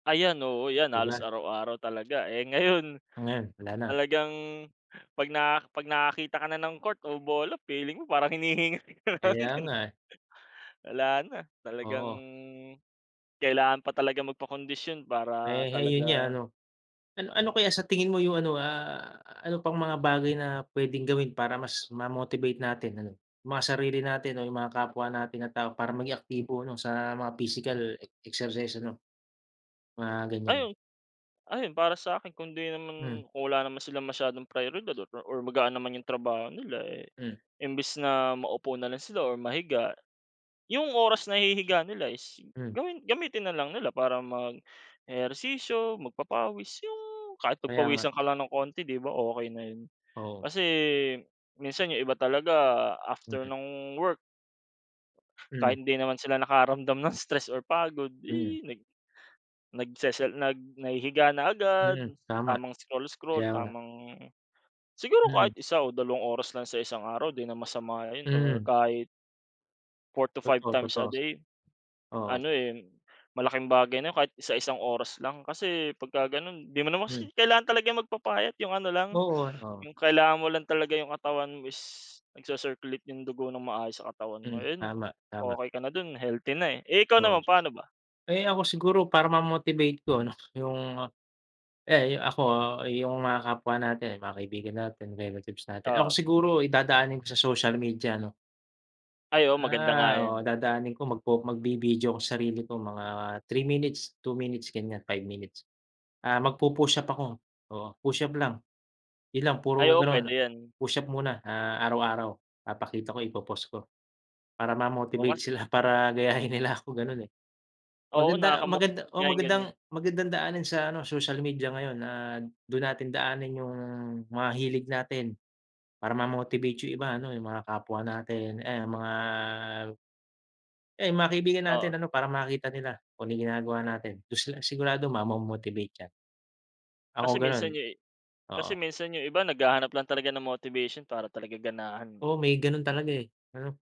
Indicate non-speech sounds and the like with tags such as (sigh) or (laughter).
Ayan, oo, 'yan 'Di halos ba? araw-araw talaga. Eh, ngayon Oh, ngayon wala na? talagang 'pag na 'pag nakakita ka na ng court o bola feeling mo parang hinihingal ka na lang Kaya din. nga, eh. Wala na, talagang Oo. kailangan pa talagang magpakondisyon para Eh, 'yon nga talaga ano. Ano ano kaya sa tingin mo yung ano, ah, ano pang mga bagay na pwedeng gawin para mas ma-motivate natin ano, yung mga sarili natin o yung mga kapwa natin na tao para maging aktibo 'no sa mga physical exercise ano, mga ganyan. Ayun. Ayun, para sa'kin kung di Hmm. naman kung wala naman silang masyadong priyoridad (unintelligible) or magaan naman yung trabaho nila, eh, Hmm. imbes na maupo na lang sila or mahiga. Yung oras na ihihiga nila is Hmm. gawin gamitin na lang nila para mag-ehersisyo, magpapawis, yung kahit Kaya nga. pagpawisan ka lang ng konti, 'di ba, okey na 'yon? Oo. Kasi minsan yung iba talaga after Mm. nung work kahit Mm. hindi naman sila nakaramdam ng stress or pagod, Mm. ih, nag nagsesel nag nahihiga na agad, Hmm, tama. tamang scroll-scroll, Kaya nga. tamang siguro Hmm. kahit 1 o dalawang oras lang sa isang araw 'di na masama 'yon or Mm. kahit 4 to 5 Totoo, times a totoo. day. Oo. Ano, eh, malaking bagay na 'yon kahit isa-isang oras lang. Kasi pagka gano'n 'di mo naman kasi Hmm. kailangan talaga magpapayat, yung ano lang, Oo, ah. Oo. yung kailangan mo lang talaga yung katawan mo is nagsi-circulate yung dugo ng maayos sa katawan mo, Mm, 'yon tama, tama. okey ka na do'n, healthy na, eh. Eh, ikaw Oo. naman pa'no ba? Eh, ako siguro para ma-motivate ko 'no, yung, eh, yu ako ayung mga kapwa natin, yung mga kaibigan natin, relatives natin. Ako Oo. siguro dadaanin ko sa social media 'no. Ay oo, maganda nga Ah, oo. 'yan. Dadaanin ko magpo magbi-video ako sa sarili ko mga 3 minutes, 2 minutes, ganyan, 5 minutes. Ah, magpu-push-up ako oo, push-up lang, 'yon lang Ay puro oo, gano'n. pwede 'yan. Push-up muna, ah, araw-araw papakita ko, ipo-post ko. Para Oh, ma-motivate kasi sila, para gayahin nila ako gano'n, eh. Oo, Maganda maganda nakaka-motivate o nga yung magandang ganyan. magandang daanin sa ano, social media ngayon na do'n natin daanin yung mga hilig natin. Para ma-motivate yung iba ano, yung mga kapwa natin. Ayan, mga yung mga ayun yung mga kaibigan natin Oo. ano para makita nila kung ano yung ginagawa natin. Do'n sila sigurado mamo-motivate 'yan. Ako Kasi gano'n, minsan yung i oo. kasi minsan yung iba naghahanap lang talaga ng motivation para talaga ganahan, eh. Oo, may gano'n talaga, eh, ano?